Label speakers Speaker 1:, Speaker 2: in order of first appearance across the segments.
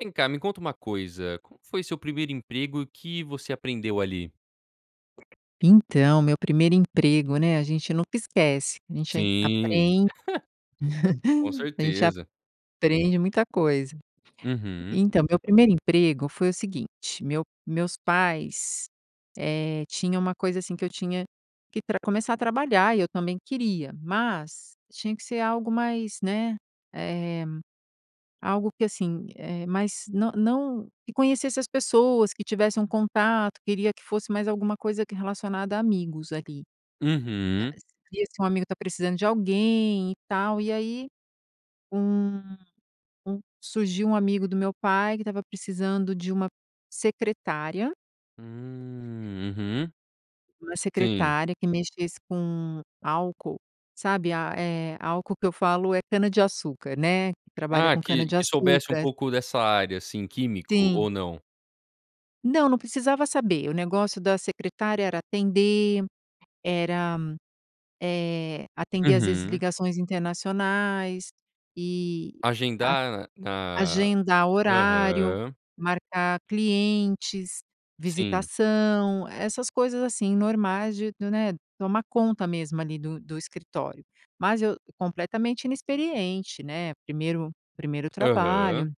Speaker 1: Vem cá, me conta uma coisa. Como que foi seu 1º emprego e o que você aprendeu ali?
Speaker 2: Então, meu 1º emprego, né, a gente nunca esquece. A gente
Speaker 1: Sim.
Speaker 2: apren
Speaker 1: Com
Speaker 2: a gente
Speaker 1: certeza.
Speaker 2: aprende muita coisa.
Speaker 1: Uhum.
Speaker 2: Então, meu 1º emprego foi o seguinte. Meu meus pais, eh, tinha uma coisa assim, que eu tinha que pra começar a trabalhar e eu também queria. Mas, tinha que ser algo mais né, eh, algo que assim, eh, mais não não que conhecesse as pessoas, que tivesse um contato queria que fosse mais alguma coisa que relacionada a amigos, ali. Eh,
Speaker 1: Uhum.
Speaker 2: seria se um amigo tá precisando de alguém e tal, e aí, um um surgiu um amigo do meu pai que estava precisando de uma secretária.
Speaker 1: Hum, uhum.
Speaker 2: Uma
Speaker 1: Sim.
Speaker 2: secretária que mexesse com álcool, sabe a, eh, álcool que eu falo é cana-de-açúcar, né. Que trabalha
Speaker 1: Ah,
Speaker 2: com
Speaker 1: que que soubesse um
Speaker 2: cana-de-açúcar.
Speaker 1: pouco dessa área, assim, químico
Speaker 2: Sim.
Speaker 1: ou não?
Speaker 2: Não, não precisava saber. O negócio da secretária era atender, era, eh, atender às vezes
Speaker 1: Uhum.
Speaker 2: ligações internacionais e a
Speaker 1: Agendar na
Speaker 2: agendar horário,
Speaker 1: aham.
Speaker 2: marcar clientes,
Speaker 1: Sim.
Speaker 2: visitação, essas coisas, assim, normais de, né, tomar conta mesmo ali do do escritório. Mas eu completamente inexperiente, né. Primeiro primeiro
Speaker 1: Aham.
Speaker 2: trabalho.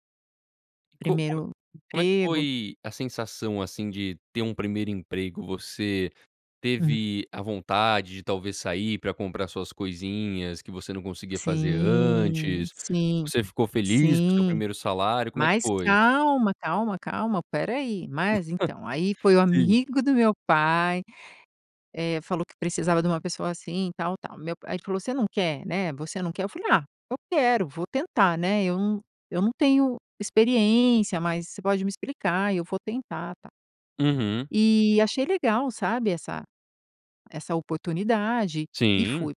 Speaker 1: E co como é
Speaker 2: Primeiro
Speaker 1: como é que
Speaker 2: emprego.
Speaker 1: foi a sensação, assim, de ter um 1º emprego? Você
Speaker 2: Uhum.
Speaker 1: teve a vontade de talvez sair pra comprar suas coisinhas, que você não conseguia fazer
Speaker 2: Sim.
Speaker 1: antes?
Speaker 2: Sim.
Speaker 1: Você ficou feliz com o seu
Speaker 2: Sim.
Speaker 1: 1º salário? Como é que
Speaker 2: Mas
Speaker 1: foi?
Speaker 2: calma, calma, calma. Espera aí. Mas, então. Aí foi o
Speaker 1: Sim.
Speaker 2: amigo do meu pai. Eh, falou que precisava de uma pessoa assim e tal, tal. Meu pa aí ele falou: "Você não quer, né, você não quer?" Eu falei: "Ah, eu quero. Vou tentar, né. Eu não eu não tenho experiência, mas você pode me explicar e eu vou tentar." Tal.
Speaker 1: Uhum.
Speaker 2: E achei legal, sabe, essa essa oportunidade e
Speaker 1: Sim.
Speaker 2: fui.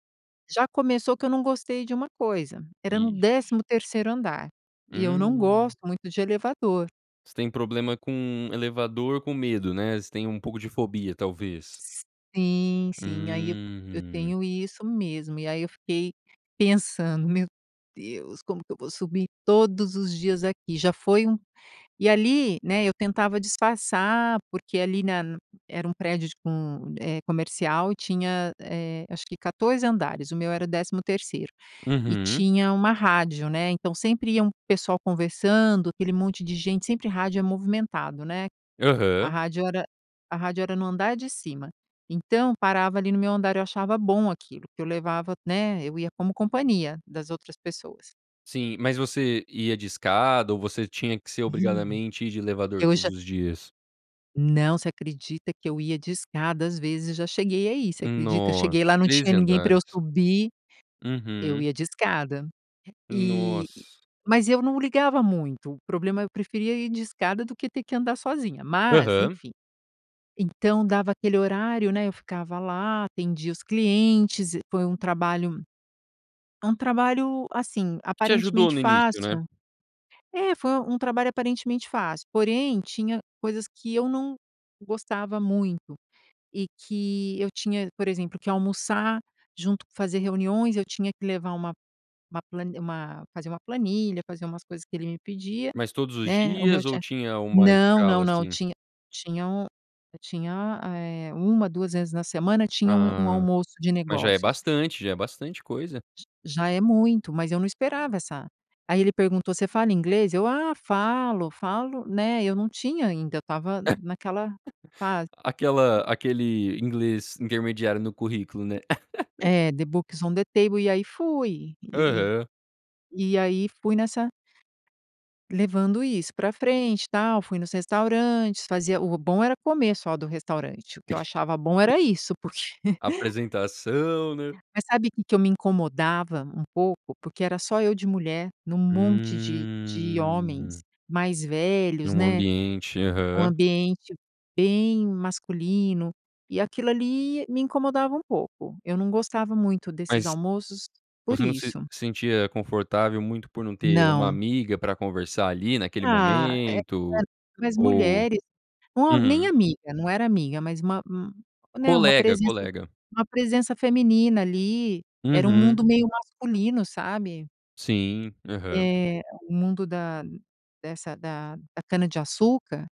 Speaker 2: Já começou que eu não gostei de uma coisa. Era no
Speaker 1: Ixi!
Speaker 2: 13° andar. E eu não
Speaker 1: Hum.
Speaker 2: gosto muito de elevador.
Speaker 1: Você tem problema com elevador. Com medo, né, você tem um pouco de fobia, talvez?
Speaker 2: Sim, sim. Ai, eu eu
Speaker 1: Uhum.
Speaker 2: tenho isso mesmo. E aí eu fiquei pensando: "Meu Deus, como que eu vou subir todos os dias aqui? Já foi um". E ali, né, eu tentava disfarçar, porque ali na era um prédio tipo um, eh, comercial e tinha, eh, acho que 14 andares, o meu era o 13º. E
Speaker 1: Uhum.
Speaker 2: tinha uma rádio, né, então sempre ia um pessoal conversando, aquele monte de gente sempre, rádio é movimentado, né. A
Speaker 1: Aham.
Speaker 2: rádio era a rádio era no andar de cima, então parava ali no meu andar, eu achava bom aquilo, porque eu levava né, eu ia como companhia das outras pessoas.
Speaker 1: Sim. Mas você ia de escada ou você tinha que ser,
Speaker 2: [unintelligible]
Speaker 1: obrigadamente, ir de elevador
Speaker 2: Eu
Speaker 1: todos
Speaker 2: já
Speaker 1: os dias?
Speaker 2: Não. Você acredita que eu ia de escada? Às vezes já cheguei a ir, você acredita?
Speaker 1: Nossa,
Speaker 2: Cheguei lá, não tinha
Speaker 1: 13
Speaker 2: ninguém pra eu
Speaker 1: andares.
Speaker 2: subir, eu
Speaker 1: Uhum.
Speaker 2: ia de escada. E
Speaker 1: Nossa.
Speaker 2: mas eu não ligava muito. O problema é eu preferia ir de escada do que ter que andar sozinha. Mas,
Speaker 1: Aham.
Speaker 2: enfim. Então dava aquele horário, né, eu ficava lá, atendia os clientes. E foi um trabalho um trabalho, assim,
Speaker 1: Te ajudou
Speaker 2: aparentemente
Speaker 1: no início, né.
Speaker 2: fácil. É, foi um trabalho aparentemente fácil, porém, tinha coisas que eu não gostava muito e que eu tinha por exemplo, que almoçar junto, fazer reuniões, eu tinha que levar uma uma plani uma fazer uma planilha, fazer umas coisas que ele me pedia,
Speaker 1: Mas todos os
Speaker 2: né, o meu
Speaker 1: dias ou
Speaker 2: chef
Speaker 1: tinha uma
Speaker 2: Não, não,
Speaker 1: escala,
Speaker 2: não,
Speaker 1: assim?
Speaker 2: tinha tinha um tinha, eh, 1, 2, vezes na semana tinha um um
Speaker 1: Ah.
Speaker 2: almoço de
Speaker 1: Mas já é
Speaker 2: negócios.
Speaker 1: bastante. Já é bastante coisa.
Speaker 2: J já é muito. Mas eu não esperava essa aí ele perguntou: "Você fala inglês?", eu: "Ah, falo, falo", né, eu não tinha ainda, eu estava naquela fase
Speaker 1: Aquela
Speaker 2: e
Speaker 1: aquele inglês intermediário no currículo, né.
Speaker 2: É, the book is on the table. E aí fui e e
Speaker 1: Aham.
Speaker 2: e aí fui nessa levando isso pra frente, tal, fui nos restaurantes fazia o bom era comer, só, do restaurante, o que eu achava bom era isso, porque
Speaker 1: Apresentação, né.
Speaker 2: Mas sabe que que eu me incomodava um pouco? Porque era só eu de mulher num monte de de homens
Speaker 1: Hum.
Speaker 2: mais velhos,
Speaker 1: Num
Speaker 2: né,
Speaker 1: ambiente.
Speaker 2: um
Speaker 1: Aham.
Speaker 2: ambiente bem masculino. E aquilo ali me incomodava um pouco. Eu não gostava muito desses
Speaker 1: Mas
Speaker 2: almoços por
Speaker 1: você não se
Speaker 2: isso.
Speaker 1: sentia confortável muito por não ter uma
Speaker 2: Não.
Speaker 1: amiga para conversar, ali naquele
Speaker 2: Ah, eh,
Speaker 1: momento,
Speaker 2: [unintelligible] mais
Speaker 1: ou
Speaker 2: mulheres, uma nem
Speaker 1: Uhum.
Speaker 2: amiga, não era amiga, mas uma um né, uma
Speaker 1: Colega,
Speaker 2: presença
Speaker 1: colega.
Speaker 2: uma presença feminina ali. Era um
Speaker 1: Uhum.
Speaker 2: mundo meio masculino, sabe?
Speaker 1: Sim, aham.
Speaker 2: Eh, o mundo da dessa da da cana-de-açúcar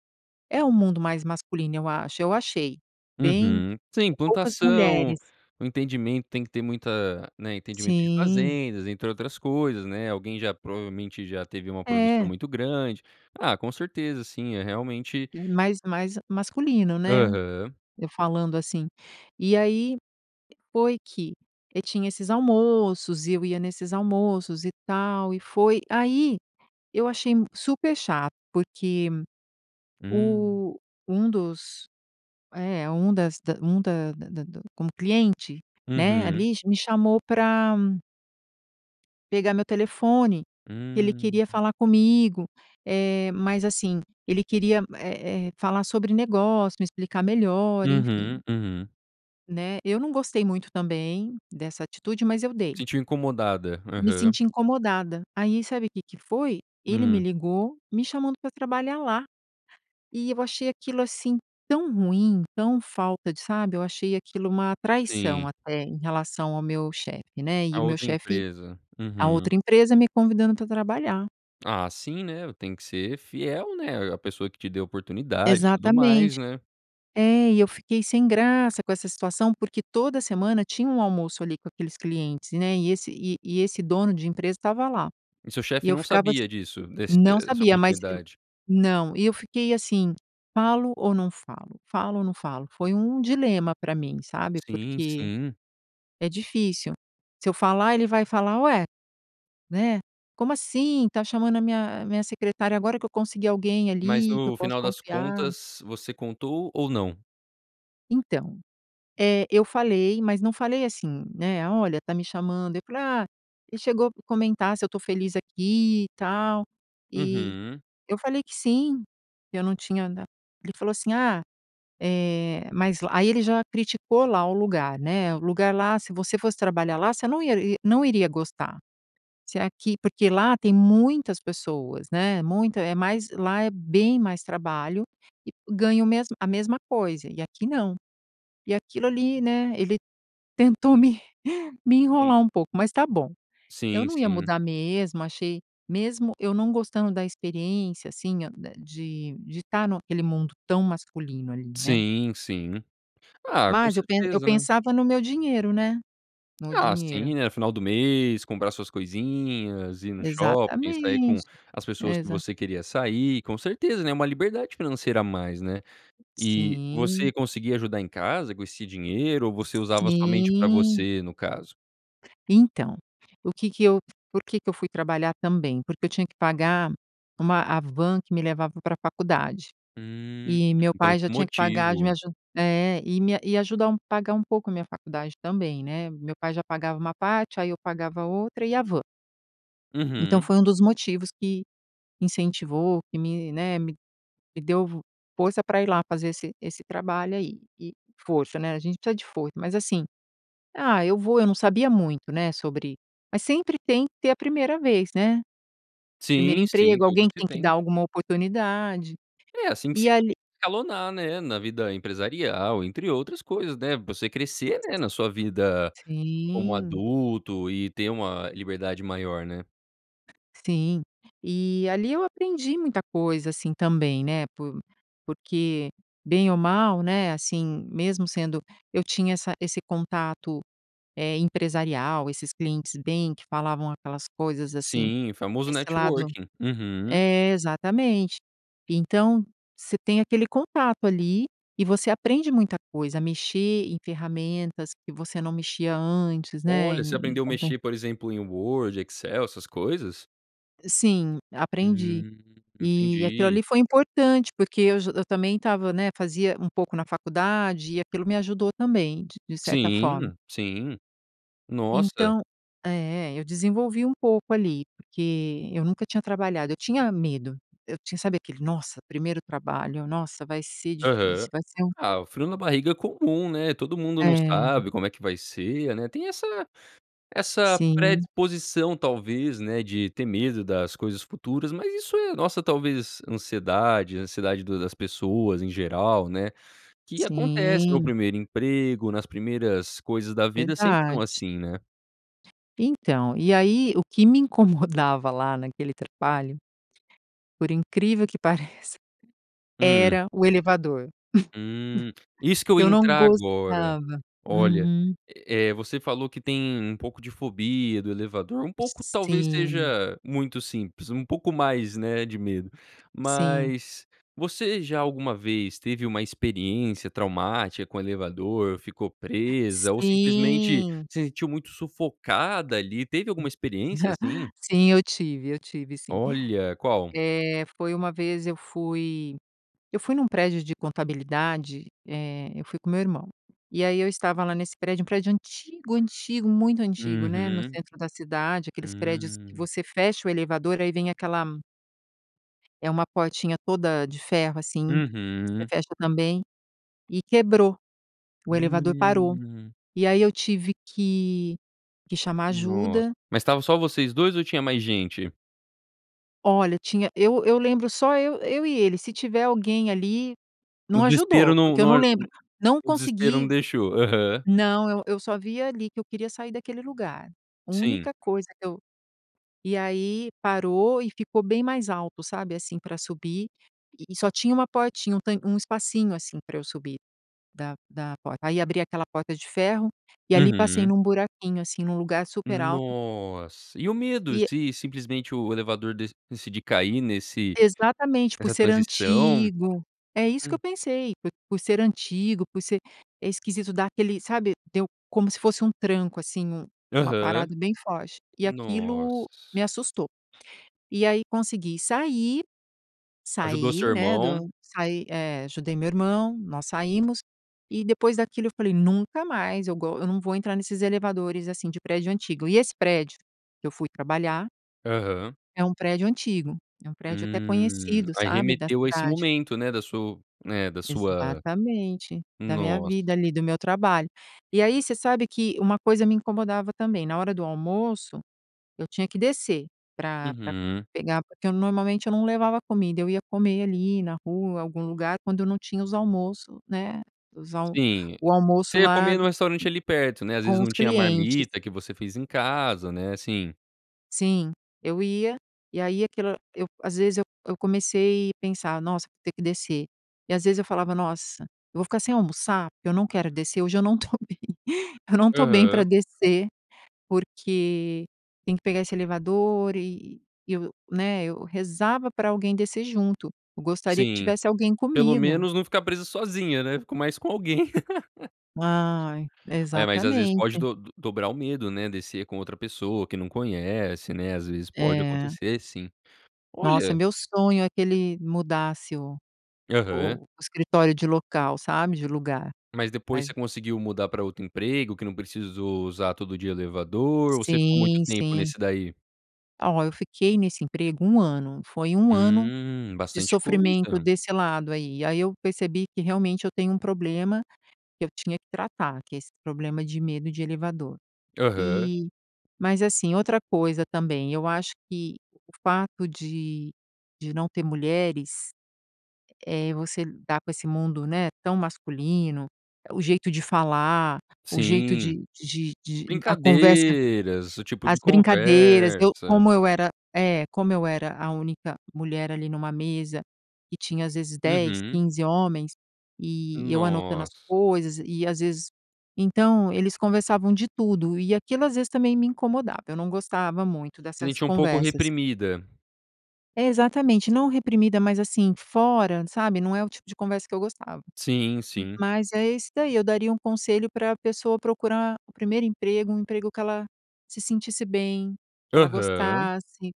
Speaker 2: é o mundo mais masculino, eu acho eu achei bem
Speaker 1: Uhum. Sim,
Speaker 2: é poucas
Speaker 1: plantação,
Speaker 2: mulheres.
Speaker 1: o entendimento tem que ter muita, né, entendimento de
Speaker 2: Sim.
Speaker 1: fazendas, entre outras coisas, né. Alguém já, provavelmente, já teve uma produção
Speaker 2: É.
Speaker 1: muito grande. Ah, com certeza, assim, é realmente
Speaker 2: É mais mais masculino, né,
Speaker 1: Aham.
Speaker 2: eu falando assim. E aí foi que e tinha esses almoços, e eu ia nesses almoços, e tal, e foi aí, eu achei m super chato, porque
Speaker 1: Hum.
Speaker 2: o um dos é, um das da um da da da como cliente, né,
Speaker 1: Uhum.
Speaker 2: ali, m me chamou pra pegar meu telefone, que ele
Speaker 1: Hum.
Speaker 2: queria falar comigo, eh, mas assim, ele queria, eh eh, falar sobre negócio, me explicar melhor, enfim.
Speaker 1: Uhum, uhum.
Speaker 2: Né, eu não gostei muito também, dessa atitude, mas eu dei.
Speaker 1: Sentiu incomodada.
Speaker 2: Me
Speaker 1: Aham.
Speaker 2: senti incomodada. Aí sabe o que que foi? Ele me
Speaker 1: Hum.
Speaker 2: ligou me chamando para trabalhar lá, e eu achei aquilo, assim, tão ruim, tão falta de, sabe, eu achei aquilo uma traição
Speaker 1: Sim.
Speaker 2: até, em relação ao meu chefe, né, e
Speaker 1: A
Speaker 2: o meu
Speaker 1: outra
Speaker 2: chefe
Speaker 1: empresa.
Speaker 2: a
Speaker 1: Uhum
Speaker 2: outra empresa me convidando para trabalhar.
Speaker 1: Ah, sim, né, tem que ser fiel, né, à pessoa que te deu oportunidade, e tudo
Speaker 2: Exatamente.
Speaker 1: mais, né.
Speaker 2: É, e eu fiquei sem graça com essa situação, porque toda semana tinha um almoço, ali, com aqueles clientes, né, e esse e e esse dono de empresa estava lá.
Speaker 1: E seu
Speaker 2: E
Speaker 1: chefe
Speaker 2: eu
Speaker 1: não
Speaker 2: ficava assim
Speaker 1: sabia disso? Desse
Speaker 2: não
Speaker 1: dessa
Speaker 2: sabia, mas e
Speaker 1: oportunidade.
Speaker 2: não, e eu fiquei assim: "Falo ou não falo? Falo ou não falo?", foi um dilema para mim, sabe,
Speaker 1: Sim,
Speaker 2: porque
Speaker 1: sim.
Speaker 2: é difícil. Se eu falar, ele vai falar: "Ué, né, como assim está chamando a minha a minha secretária, agora que eu consegui alguém,
Speaker 1: Mas
Speaker 2: ali, que eu
Speaker 1: no
Speaker 2: posso
Speaker 1: final das
Speaker 2: confiar."
Speaker 1: contas você contou ou não?
Speaker 2: Então, eh, eu falei, mas não falei assim, né: "Olha, tá me chamando". Eu falei: "Ah, ele chegou a comentar se eu estou feliz aqui e tal. E
Speaker 1: Uhum.
Speaker 2: eu falei que sim, que eu não tinha na" Ele falou assim: "Ah, eh, mas lá" aí ele já criticou lá o lugar, né: "O lugar lá, se você fosse trabalhar lá, você não ia não iria gostar. Se aqui Porque lá tem muitas pessoas, né, muita é mais lá é bem mais trabalho e ganha o mesmo a mesma coisa e aqui não". E aquilo ali, né, ele tentou me me
Speaker 1: Sim.
Speaker 2: enrolar um pouco, mas tá bom. Eu
Speaker 1: Sim,
Speaker 2: não ia
Speaker 1: sim.
Speaker 2: mudar mesmo, achei mesmo eu não gostando da experiência, assim, da de tá naquele mundo tão masculino ali, né?
Speaker 1: Sim, sim. Ah, com
Speaker 2: Mas eu pe eu
Speaker 1: certeza, né!
Speaker 2: pensava no meu dinheiro, né? No
Speaker 1: Ah,
Speaker 2: dinheiro.
Speaker 1: sim, né, final do mês, comprar suas coisinhas, ir no shopping, sair com
Speaker 2: Exatamente,
Speaker 1: as pessoas que
Speaker 2: Exa
Speaker 1: você queria sair, com certeza, né. Uma liberdade financeira a mais, né. E
Speaker 2: Sim.
Speaker 1: você conseguia ajudar em casa com esse dinheiro ou você usava somente para
Speaker 2: Sim.
Speaker 1: você, no caso?
Speaker 2: Então, o que que eu por que que eu fui trabalhar também, porque eu tinha que pagar, uma a van que me levava pra faculdade.
Speaker 1: Hum,
Speaker 2: E, meu
Speaker 1: então
Speaker 2: pai já
Speaker 1: um
Speaker 2: tinha que pagar, de
Speaker 1: motivo.
Speaker 2: me aju é. E me e ajuda a um pagar um pouco a minha faculdade também, né? Meu pai já pagava uma parte, aí eu pagava outra e a van. Então
Speaker 1: Uhum.
Speaker 2: foi um dos motivos que, incentivou, que me, né, me me deu vo força pra ir lá fazer esse esse trabalho aí e força, né, a gente precisa de foi mas assim, ah, eu vou, eu não sabia muito, né, sobre, mas sempre tem que ter a primeira vez, né? 1º
Speaker 1: Sim, sim.
Speaker 2: emprego,
Speaker 1: Tudo
Speaker 2: alguém que
Speaker 1: se
Speaker 2: tem que dar
Speaker 1: tem.
Speaker 2: alguma oportunidade.
Speaker 1: É, assim que se
Speaker 2: E
Speaker 1: [unintelligible]
Speaker 2: ali
Speaker 1: escalonar, né, na vida empresarial, entre outras coisas, né, você crescer, né, na sua vida como
Speaker 2: Sim.
Speaker 1: adulto e ter uma liberdade maior, né?
Speaker 2: Sim. Eh, ali eu aprendi muita coisa, assim também, né, por porque bem ou mal, né, assim, mesmo sendo eu tinha essa esse contato, eh, empresarial, esses clientes bem que falavam aquelas coisas assim,
Speaker 1: Sim, o famoso
Speaker 2: desse lado
Speaker 1: networking. Uhum.
Speaker 2: é, exatamente. Então, você tem aquele contato ali e você aprende muita coisa, a mexer em ferramentas que você não mexia antes, né,
Speaker 1: Olha, você
Speaker 2: em em
Speaker 1: aprendeu a
Speaker 2: compé
Speaker 1: mexer, por exemplo, em Word, Excel, essas coisas?
Speaker 2: E sim. Aprendi.
Speaker 1: Hum.
Speaker 2: E aquilo
Speaker 1: Entendi.
Speaker 2: ali foi importante porque eu j eu também estava, né, fazia um pouco na faculdade e aquilo me ajudou também, d de certa forma.
Speaker 1: Sim. Sim. Nossa.
Speaker 2: Então é é. Eu desenvolvi um pouco ali. Porque eu nunca tinha trabalhado eu tinha medo. Eu tinha, sabe, aquele: "Nossa, primeiro trabalho. Nossa, vai ser
Speaker 1: Aham.
Speaker 2: difícil. Vai ser um"
Speaker 1: Ah, o frio na barriga é comum, né. Todo mundo não
Speaker 2: É.
Speaker 1: sabe como é que vai ser, né. Tem essa essa
Speaker 2: Sim.
Speaker 1: predisposição, talvez, né, de ter medo das coisas futuras mas isso é nossa, talvez, ansiedade ansiedade do das pessoas em geral, né, que acontece no
Speaker 2: Sim.
Speaker 1: 1º emprego; nas primeiras coisas da vida sempre são
Speaker 2: Verdade.
Speaker 1: assim, né.
Speaker 2: Então. E aí, o que me incomodava lá naquele trabalho, por incrível que pareça,
Speaker 1: Hum.
Speaker 2: era o elevador.
Speaker 1: Hum. Isso que eu ia
Speaker 2: Eu não
Speaker 1: entrar agora.
Speaker 2: gostava.
Speaker 1: Olha.
Speaker 2: Uhum.
Speaker 1: Eh eh, você falou que tem um pouco de fobia de elevador, um pouco, talvez,
Speaker 2: Sim.
Speaker 1: seja muito simples. Um pouco mais, né, de medo.
Speaker 2: Sim.
Speaker 1: Mas, você já alguma vez teve uma experiência traumática com elevador; ficou presa, ou simplesmente
Speaker 2: Sim.
Speaker 1: se sentiu muito sufocada ali teve alguma experiência assim?
Speaker 2: Sim, eu tive. Eu tive, sim.
Speaker 1: Olha! Qual?
Speaker 2: Eh, foi uma vez, eu fui eu fui num prédio de contabilidade, eh, eu fui com o meu irmão. E aí eu estava lá nesse prédio um prédio antigo, antigo, muito antigo, né. No
Speaker 1: Uhum.
Speaker 2: centro da cidade, aqueles prédios
Speaker 1: Hum.
Speaker 2: você fecha o elevador e aí vem aquela É uma portinha toda de ferro, assim. Você
Speaker 1: Uhum.
Speaker 2: fecha também. E quebrou. O elevador parou.
Speaker 1: Hum.
Speaker 2: E aí eu tive que que chamar
Speaker 1: Noss
Speaker 2: ajuda.
Speaker 1: mas estavam só vocês 2 ou tinha mais gente?
Speaker 2: Olha, tinha Eu eu lembro só eu eu e ele, se tiver alguém ali, não
Speaker 1: No desespero
Speaker 2: ajudou,
Speaker 1: não
Speaker 2: porque eu
Speaker 1: não
Speaker 2: não
Speaker 1: aj
Speaker 2: lembro. Não
Speaker 1: o desespero não
Speaker 2: consegui.
Speaker 1: deixou. Aham.
Speaker 2: Não, eu eu só via ali que eu queria sair daquele lugar.
Speaker 1: Sim.
Speaker 2: Única coisa que eu E aí parou e ficou bem mais alto, sabe, assim para subir e e só tinha uma portinha, um tan um espacinho, assim, pra eu subir da da porta. Aí abri aquela porta de ferro e ali passei
Speaker 1: Uhum.
Speaker 2: num buraquinho, assim, num lugar super alto.
Speaker 1: Nossa! E o medo
Speaker 2: E e
Speaker 1: se simplesmente o elevador dec decidir cair nesse
Speaker 2: Exatamente, por
Speaker 1: nessa
Speaker 2: ser
Speaker 1: transição?
Speaker 2: antigo. É isso que
Speaker 1: Hum.
Speaker 2: eu pensei, p por ser antigo, por ser É esquisito, dá aquele sabe. Deu como se fosse um tranco assim, um uma
Speaker 1: Aham.
Speaker 2: parada bem forte e aquilo
Speaker 1: Nossa!
Speaker 2: me assustou. E aí, consegui sair.
Speaker 1: Ajudou o seu
Speaker 2: Saí, né,
Speaker 1: irmão.
Speaker 2: do saí eh, ajudei meu irmão, nós saímos e depois daquilo eu falei: "Nunca mais eu go eu não vou entrar nesses elevadores assim de prédio antigo." E esse prédio que eu fui trabalhar
Speaker 1: Aham.
Speaker 2: é um prédio antigo, é um prédio até
Speaker 1: Hum.
Speaker 2: conhecido,
Speaker 1: Aí
Speaker 2: sabe, da
Speaker 1: remeteu a esse
Speaker 2: cidade.
Speaker 1: momento né da su né, da sua
Speaker 2: Exatamente. Da minha
Speaker 1: Nossa!
Speaker 2: vida ali, do meu trabalho. E aí, você sabe que uma coisa me incomodava, também: na hora do almoço, eu tinha que descer pra pra
Speaker 1: Uhum.
Speaker 2: pegar, porque, eu normalmente, eu não levava comida, eu ia comer ali na rua, algum lugar, quando eu não tinha os almoço, né, os al
Speaker 1: Sim.
Speaker 2: o almoço
Speaker 1: Você ia
Speaker 2: lá
Speaker 1: comer num restaurante ali perto, né. Às vezes
Speaker 2: com os
Speaker 1: não tinha a
Speaker 2: clientes.
Speaker 1: marmita que você fez em casa, né, assim.
Speaker 2: Sim. Eu ia, e aí aquilo era eu às vezes eu eu comecei pensar: "Nossa, vou ter que descer", e às vezes eu falava: "Nossa, eu vou ficar sem almoçar? Eu não quero descer, hoje eu não tô bem eu não tô bem pra
Speaker 1: Aham.
Speaker 2: descer, porque tem que pegar esse elevador e eu-eu", né, eu rezava pra alguém descer junto. Eu gostaria que
Speaker 1: Sim.
Speaker 2: tivesse alguém
Speaker 1: Pelo
Speaker 2: comigo.
Speaker 1: menos não ficar presa sozinha, né, fico mais com alguém.
Speaker 2: Ai,
Speaker 1: Olha, mas às vezes pode
Speaker 2: exatamente.
Speaker 1: do dobrar o medo, né, descer com outra pessoa, que não conhece, né, às vezes pode
Speaker 2: É.
Speaker 1: acontecer sim.
Speaker 2: Nossa, é
Speaker 1: Olha
Speaker 2: meu sonho é que ele mudasse o
Speaker 1: Aham.
Speaker 2: o escritório de local, sabe, de lugar.
Speaker 1: Mas depois
Speaker 2: Mas
Speaker 1: você conseguiu mudar para outro emprego, que não precisou usar todo dia elevador, ou você ficou muito
Speaker 2: Sim,
Speaker 1: tempo
Speaker 2: sim.
Speaker 1: nesse daí?
Speaker 2: Ah ó, eu fiquei nesse emprego 1 ano. Foi 1 ano
Speaker 1: Hum,
Speaker 2: de
Speaker 1: bastante
Speaker 2: sofrimento
Speaker 1: coisa.
Speaker 2: desse lado, aí. Aí eu percebi que, realmente, eu tenho um problema que eu tinha que tratar, que é esse problema de medo de elevador.
Speaker 1: Aham.
Speaker 2: E, mas assim, outra coisa também, eu acho que o fato de de não ter mulheres, eh eh, você dar com esse mundo, né, tão masculino o jeito de falar, o jeito
Speaker 1: Sim.
Speaker 2: de de de a conversa,
Speaker 1: Brincadeiras, esse tipo
Speaker 2: as
Speaker 1: de
Speaker 2: brincadeiras, eu
Speaker 1: conversa.
Speaker 2: como eu era é, como eu era a única mulher, ali, numa mesa, que tinha às vezes 10,
Speaker 1: Uhum.
Speaker 2: 15 homens, e eu anotando as
Speaker 1: Nossa.
Speaker 2: coisas, e às vezes então, eles conversavam de tudo, e aquilo às vezes também me incomodava, eu não gostava muito
Speaker 1: Se
Speaker 2: dessas
Speaker 1: sentiu um pouco
Speaker 2: conversas.
Speaker 1: reprimida.
Speaker 2: É, exatamente, não reprimida, mas assim, fora, sabe, não é o tipo de conversa que eu gostava.
Speaker 1: Sim, sim.
Speaker 2: Mas é esse daí, eu daria um conselho pra pessoa procurar o 1º emprego, um emprego que ela se sentisse bem, que ela
Speaker 1: Aham.
Speaker 2: gostasse,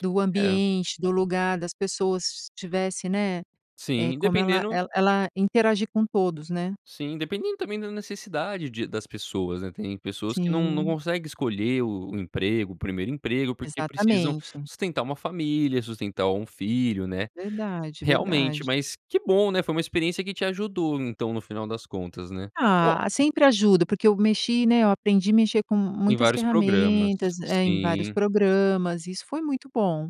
Speaker 2: do
Speaker 1: É.
Speaker 2: ambiente, do lugar, das pessoas, se tivesse, né, eh,
Speaker 1: Sim,
Speaker 2: como ela
Speaker 1: dependendo
Speaker 2: ela ela interagir com todos, né.
Speaker 1: Sim, dependendo também da necessidade de das pessoas, né, tem pessoas que não não
Speaker 2: Sim.
Speaker 1: conseguem escolher o o emprego o 1º emprego, porque precisam
Speaker 2: Exatamente.
Speaker 1: sustentar uma família, sustentar um filho, né.
Speaker 2: Verdade,
Speaker 1: Realmente,
Speaker 2: verdade.
Speaker 1: mas que bom, né, foi uma experiência que te ajudou então, no final das contas, né? Ó
Speaker 2: Ah, sempre ajudo, porque eu mexi, né, eu aprendi mexer com
Speaker 1: Em
Speaker 2: muitas
Speaker 1: vários programas,
Speaker 2: ferramentas é, em vários
Speaker 1: sim.
Speaker 2: programas. Isso foi muito bom.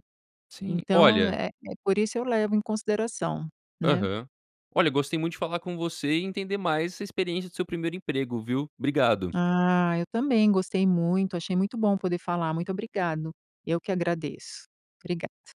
Speaker 1: Sim,
Speaker 2: Então,
Speaker 1: olha
Speaker 2: eh eh, por isso eu levo em consideração, né.
Speaker 1: Aham. Olha, gostei muito de falar com você e entender mais essa experiência do seu 1º emprego, viu. Obrigado.
Speaker 2: Ah, eu também gostei muito. Achei muito bom poder falar. Muito obrigado. Eu que agradeço, obrigado.